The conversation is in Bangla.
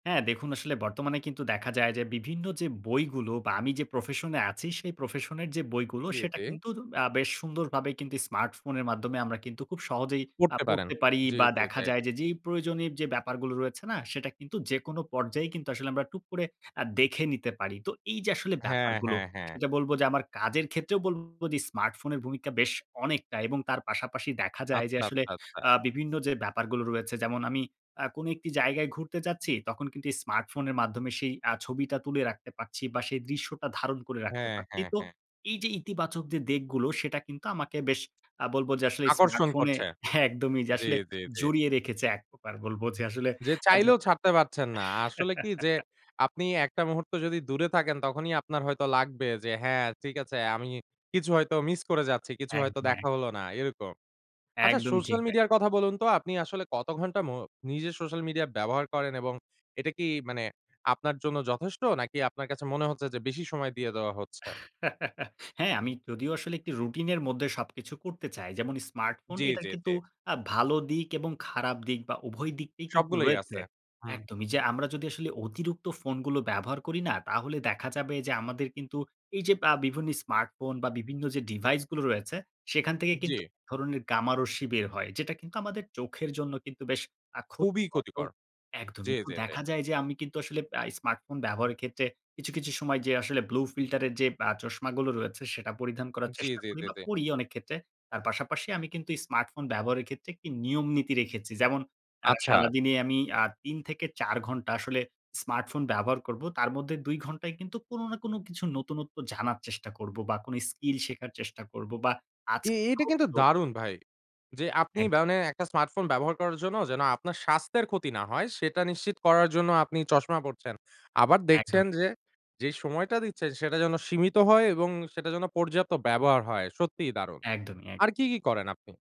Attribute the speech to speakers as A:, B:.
A: হ্যাঁ, দেখুন আসলে বর্তমানে কিন্তু দেখা যায় যে বিভিন্ন যে বইগুলো বা আমি যে প্রফেশনে আছি সেই প্রফেশনের যে বইগুলো
B: জি,
A: সেটা
B: জি।
A: কিন্তু আ বেশ সুন্দরভাবে কিন্তু স্মার্টফোনের মাধ্যমে আমরা কিন্তু খুব সহজেই আ
B: করতে পারেন।
A: পড়তে পারি
B: জি,
A: বা
B: জি,
A: দেখা
B: এটা,
A: যায়
B: এটাই।
A: যে যেই প্রয়োজনে যে ব্যাপারগুলো রয়েছে না সেটা কিন্তু যেকোনো পর্যায়ে কিন্তু আসলে আমরা টুক করে আ দেখে নিতে পারি। তো এই যে আসলে
B: হ্যাঁ,
A: ব্যাপারগুলো।
B: হ্যাঁ, হ্যাঁ।
A: সেটা বলব যে আমার কাজের ক্ষেত্রেও বলব যে স্মার্টফোনের ভূমিকা বেশ অনেকটা এবং তার পাশাপাশি দেখা যায় যে
B: আচ্ছা,
A: আসলে
B: আচ্ছা, আচ্ছা।
A: আ বিভিন্ন যে ব্যাপারগুলো রয়েছে যেমন আমি আ কোন একটি জায়গায় ঘুরতে যাচ্ছি তখন কিন্তু এই স্মার্টফোনের মাধ্যমে সেই আ ছবিটা তুলে রাখতে পারছি বা সেই দৃশ্যটা ধারণ করে রাখতে
B: হ্যাঁ,
A: পারছি।
B: হ্যাঁ,
A: তো
B: হ্যাঁ।
A: এই যে ইতিবাচক যে দিকগুলো সেটা কিন্তু আমাকে বেশ আ বলব যে আসলে
B: আকর্ষণ
A: স্মার্টফোনে
B: করছে।
A: একদমই যে
B: জি,
A: আসলে
B: জি, জি।
A: জড়িয়ে রেখেছে এক প্রকার বলব যে আসলে
B: যে
A: আজ
B: চাইলেও ছাড়তে পারছেন না। আসলে কি যে আপনি একটা মুহূর্ত যদি দূরে থাকেন তখনই আপনার হয়তো লাগবে যে, "হ্যাঁ ঠিক আছে আমি কিছু হয়তো মিস করে যাচ্ছি, কিছু হয়তো
A: একদম, এক।
B: দেখা হলো না।" এরকম। আচ্ছা
A: একদমই ঠিক
B: সোশ্যাল
A: তাই।
B: মিডিয়ার কথা বলুন তো আপনি আসলে কত ঘন্টা মো নিজে সোশ্যাল মিডিয়া ব্যবহার করেন এবং এটা কি মানে আপনার জন্য যথেষ্ট নাকি আপনার কাছে মনে হচ্ছে যে বেশি সময় দিয়ে দেওয়া হচ্ছে?
A: হ্যাঁ, আমি যদিও আসলে একটি রুটিনের মধ্যে সবকিছু করতে চাই। যেমন স্মার্টফোন
B: জি,
A: এটা
B: জি, জি।
A: কিন্তু আ ভালো দিক এবং খারাপ দিক বা উভয় দিকটি কিন্তু
B: সবগুলোই
A: রয়েছে।
B: আছে, হুম।
A: একদমই। যে আমরা যদি আসলে অতিরিক্ত ফোনগুলো ব্যবহার করি না, তাহলে দেখা যাবে যে আমাদের কিন্তু এই যে আ বিভিন্ন স্মার্টফোন বা বিভিন্ন যে ডিভাইস গুলো রয়েছে সেখান থেকে কিন্তু
B: জি।
A: ১ ধরনের গামারশ্মি বের হয়। যেটা কিন্তু আমাদের চোখের জন্য কিন্তু বেশ আ
B: খুবই
A: ক্ষতিকর তো
B: ক্ষতিকর। জি
A: একদমই। তো
B: জি জি।
A: দেখা যায় যে আমি কিন্তু আসলে আ স্মার্টফোন ব্যবহারের ক্ষেত্রে কিছু, কিছু সময় যে আসলে ব্লু ফিল্টার এর যে আ চশমাগুলো রয়েছে সেটা পরিধান করার
B: জি,
A: চেষ্টা
B: জি,
A: করি
B: জি,
A: বা
B: জি।
A: পড়ি অনেক ক্ষেত্রে। তার পাশাপাশি আমি কিন্তু এই স্মার্টফোন ব্যবহারের ক্ষেত্রে একটি নিয়মনীতি রেখেছি। যেমন আ
B: আচ্ছা।
A: সারাদিনে আমি আ ৩ থেকে ৪ ঘন্টা আসলে স্মার্টফোন ব্যবহার করব। তার মধ্যে ২ ঘন্টায় কিন্তু কোন না কোন কিছু নতুনত্ব জানার চেষ্টা করবো বা কোন স্কিল শেখার চেষ্টা করব বা
B: এ
A: আজকে।
B: এটা
A: [unintelligible]
B: কিন্তু দারুন ভাই। যে আপনি
A: একদম।
B: মানে একটা স্মার্টফোন ব্যবহার করার জন্য যেন আপনার স্বাস্থ্যের ক্ষতি না হয় সেটা নিশ্চিত করার জন্য আপনি চশমা পড়ছেন। আবার দেখছেন
A: একদমই।
B: যে, যে সময়টা দিচ্ছেন সেটা যেন সীমিত হয় এবং সেটা যেন পর্যাপ্ত ব্যবহার হয়। সত্যিই দারুন।
A: একদমই, এক
B: আর কি কি করেন আপনি?